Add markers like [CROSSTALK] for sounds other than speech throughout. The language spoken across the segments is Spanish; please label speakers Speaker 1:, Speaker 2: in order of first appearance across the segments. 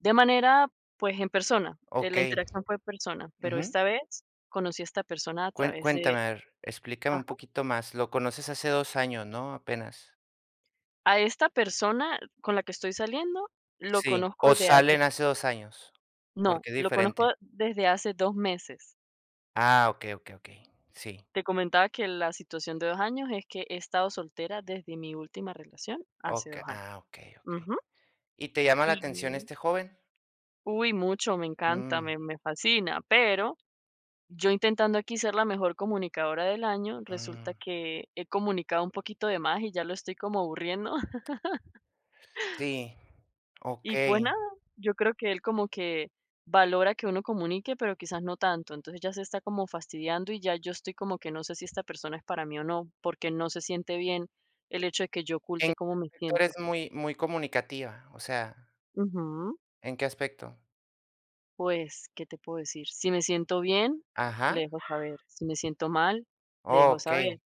Speaker 1: De manera, pues, en persona. Eh, la
Speaker 2: Okey.
Speaker 1: interacción fue en persona, pero
Speaker 2: Ujú.
Speaker 1: esta vez conocí a esta persona a
Speaker 2: Cuen
Speaker 1: través
Speaker 2: cuéntame,
Speaker 1: de
Speaker 2: a ver, explícame un
Speaker 1: ajá.
Speaker 2: poquito más. Lo conoces hace 2 años, ¿no?, apenas.
Speaker 1: A esta persona con la que estoy saliendo lo
Speaker 2: Sí,
Speaker 1: conozco
Speaker 2: o
Speaker 1: de hace
Speaker 2: salen hace 2 años,
Speaker 1: No,
Speaker 2: porque es
Speaker 1: lo
Speaker 2: diferente.
Speaker 1: conozco desde hace 2 meses.
Speaker 2: Ah, okey, okey, okey. Sí.
Speaker 1: Te comentaba que la situación de 2 años es que he estado soltera desde mi última relación hace 2
Speaker 2: Oca
Speaker 1: años.
Speaker 2: ah, okey, okey.
Speaker 1: Ujú.
Speaker 2: ¿Y te llama la atención
Speaker 1: Y
Speaker 2: este joven?
Speaker 1: Uy, mucho, me encanta,
Speaker 2: Mm.
Speaker 1: me me fascina, pero yo intentando aquí ser la mejor comunicadora del año, resulta
Speaker 2: Mm.
Speaker 1: que he comunicado un poquito de más y ya lo estoy como aburriendo [LAUGHS]
Speaker 2: Sí,
Speaker 1: Y, pues,
Speaker 2: okey.
Speaker 1: nada, yo creo que él como que valora que uno comunique, pero quizás no tanto. Entonces, ya se está como fastidiando y ya yo estoy como que no sé si esta persona es para mí o no, porque no se siente bien el hecho de que yo
Speaker 2: En
Speaker 1: oculte
Speaker 2: qué
Speaker 1: cómo me
Speaker 2: [UNINTELLIGIBLE]
Speaker 1: siento.
Speaker 2: eres muy muy comunicativa. O sea
Speaker 1: Ujú.
Speaker 2: ¿En qué aspecto?
Speaker 1: Pues, ¿qué te puedo decir? Si me siento bien, le
Speaker 2: Ajá.
Speaker 1: dejo saber. Si me siento mal, le dejo saber.
Speaker 2: Okey,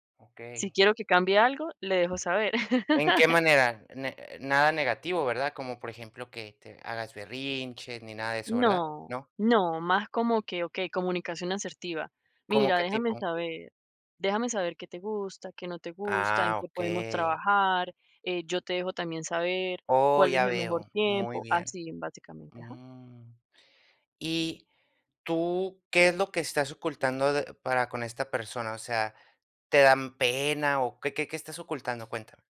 Speaker 1: Si
Speaker 2: okey.
Speaker 1: quiero que cambie algo, le dejo saber
Speaker 2: ¿En qué
Speaker 1: [CHUCKLES]
Speaker 2: manera? Ne nada negativo, ¿verdad? Como, por ejemplo, que te hagas berrinches ni nada de eso, ¿verdad?
Speaker 1: No,
Speaker 2: ¿No?
Speaker 1: no, más como que, okey, comunicación asertiva.
Speaker 2: ¿Como
Speaker 1: Mira,
Speaker 2: qué
Speaker 1: déjame
Speaker 2: tipo?
Speaker 1: saber déjame saber qué te gusta, qué no te gusta, en
Speaker 2: Ah,
Speaker 1: qué podemos
Speaker 2: okey.
Speaker 1: trabajar. Eh, yo te dejo también saber
Speaker 2: Oh,
Speaker 1: cuál es
Speaker 2: ya
Speaker 1: el mejor
Speaker 2: veo. Muy
Speaker 1: tiempo.
Speaker 2: bien.
Speaker 1: Así básicamente, ajá.
Speaker 2: Mm. Y tú, ¿qué es lo que estás ocultando de para con esta persona? O sea, ¿te dan pena o qué, qué, qué estás ocultando? Cuéntame